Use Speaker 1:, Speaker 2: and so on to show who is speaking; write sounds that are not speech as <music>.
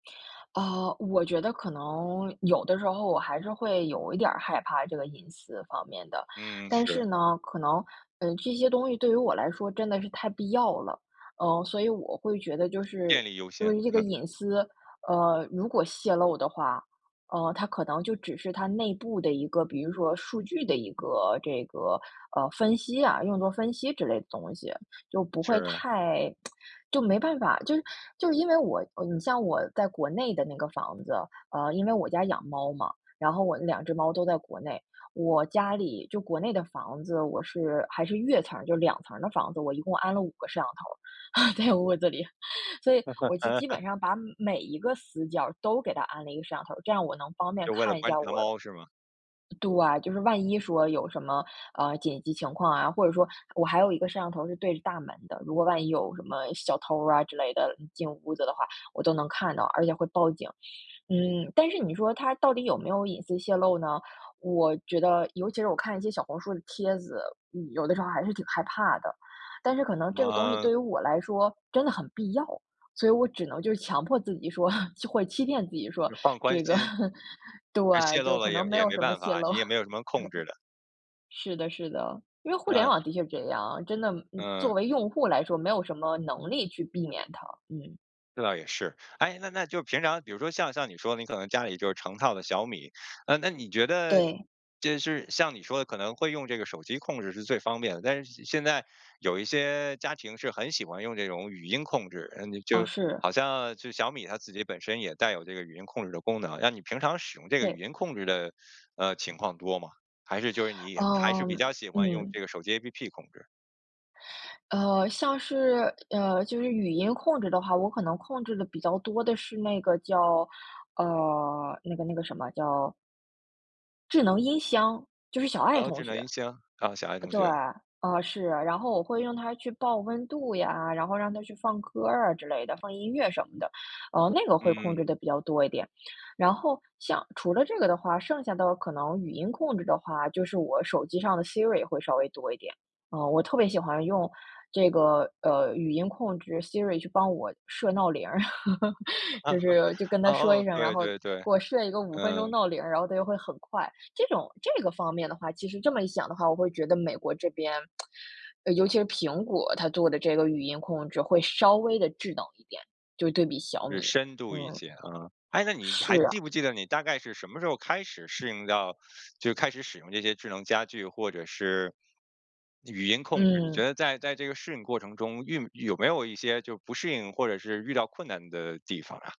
Speaker 1: 啊，我觉得可能有的时候我还是会有一点儿害怕这个隐私方面的，
Speaker 2: 嗯，
Speaker 1: 但
Speaker 2: 是。
Speaker 1: 是呢，可能，呃，这些东西对于我来说真的是太必要了。呃，所以我会觉得就
Speaker 2: 电
Speaker 1: 是
Speaker 2: 力优
Speaker 1: 因
Speaker 2: 先，
Speaker 1: 为这个
Speaker 2: 嗯。
Speaker 1: 隐私，呃，如果泄露的话，呃，它可能就只是它内部的一个，比如说数据的一个这个，呃，分析啊，用作分析之类的东西。就不会
Speaker 2: 是。
Speaker 1: 太 <tsk> 就没办法就是就是因为我你像我在国内的那个房子，啊，因为我家养猫嘛，然后我那两只猫都在国内，我家里就国内的房子，我是还是越层儿，就两层儿的房子，我一共安了五个摄像头儿，<laughs> 在屋子里，所以我就基
Speaker 2: <laughs>
Speaker 1: 本上把每一个死角儿都给它安了一个摄像头儿，这样我能方便
Speaker 2: 就为了
Speaker 1: 看一
Speaker 2: 观
Speaker 1: 下
Speaker 2: 察
Speaker 1: 我
Speaker 2: 猫是吗？
Speaker 1: 啊对，就是万一说有什么，呃，紧急情况啊，或者说我还有一个摄像头儿是对着大门的，如果万一有什么小偷儿啊，之类的进屋子的话，我都能看到，而且会报警。嗯，但是你说它到底有没有隐私泄露呢？我觉得尤其是我看一些小红书的帖子，嗯，有的时候还是挺害怕的，但是可能
Speaker 2: 什
Speaker 1: 这个东西
Speaker 2: 么
Speaker 1: 对于我来说真的很必要，所以我只能就是强迫自己说，<chuckles> 或欺骗自己，说
Speaker 2: 你放宽
Speaker 1: 这个
Speaker 2: 心。
Speaker 1: <laughs>
Speaker 2: 这泄
Speaker 1: 对，
Speaker 2: 露
Speaker 1: 就可
Speaker 2: 了也
Speaker 1: 能没
Speaker 2: 也
Speaker 1: 有
Speaker 2: 没
Speaker 1: 什么
Speaker 2: 办
Speaker 1: 泄
Speaker 2: 法，
Speaker 1: 漏。
Speaker 2: 你也没
Speaker 1: <chuckles> 对。
Speaker 2: 有什么控制的。
Speaker 1: 是的是的，因为互联
Speaker 2: 嗯。
Speaker 1: 网的确是这样，真的
Speaker 2: 嗯。
Speaker 1: 作为用户来说，没有什么能力去避免它，嗯。
Speaker 2: 这倒也是，哎，那那就平常比如说像像你说你可能家里就成套的小米，呃，那你觉得
Speaker 1: 对。
Speaker 2: 就是像你说的可能会用这个手机控制是最方便的。但是现在有一些家庭是很喜欢用这种语音控制，嗯，
Speaker 1: 哦，
Speaker 2: 就
Speaker 1: 是。
Speaker 2: 好像就小米它自己本身也带有这个语音控制的功能，那你平常使用这个语
Speaker 1: 对。
Speaker 2: 音控制的，呃，情况多吗？还是就是你还是
Speaker 1: 哦，
Speaker 2: 比较喜欢用这
Speaker 1: 嗯。
Speaker 2: 个手机 APP 控制？
Speaker 1: 呃，像是，呃，就是语音控制的话，我可能控制的比较多的是那个叫呃，那个那个什么，叫智能音箱，就是小爱
Speaker 2: 然后智
Speaker 1: 同
Speaker 2: 能
Speaker 1: 学。
Speaker 2: 音箱，哦，小爱同
Speaker 1: 对，
Speaker 2: 学。
Speaker 1: 啊，是，然后我会让它去报温度呀，然后让它去放歌儿啊之类的，放音乐什么的，嗯，那个会控
Speaker 2: 嗯。
Speaker 1: 制得比较多一点，然后像除了这个的话，剩下的可能语音控制的话，就是我手机上的 Siri 也会稍微多一点。啊，我特别喜欢用这个，呃，语音控制 Siri 去帮我设闹铃儿，<laughs> 就是就
Speaker 2: <chuckles>
Speaker 1: 跟它说
Speaker 2: 哦，
Speaker 1: 一声，然
Speaker 2: 对
Speaker 1: 后给
Speaker 2: 对对，
Speaker 1: 我设一个5分钟
Speaker 2: 嗯。
Speaker 1: 闹铃儿，然后它就会很快，这种这个方面的话，其实这么一想的话，我会觉得美国这边 <tsk> 呃，尤其是苹果，它做的这个语音控制会稍微得智能一点，就对比小
Speaker 2: 就是
Speaker 1: 米，
Speaker 2: 深度一
Speaker 1: 嗯。
Speaker 2: 些，嗯，诶，那你
Speaker 1: 是
Speaker 2: 还
Speaker 1: 啊。
Speaker 2: 记不记得你大概是什么时候开始适应到就开始使用这些智能家具或者是语音控制，你觉
Speaker 1: 嗯。
Speaker 2: 得在在这个适应过程中，运有没有过一些就不适应或者是遇到困难的地方啊？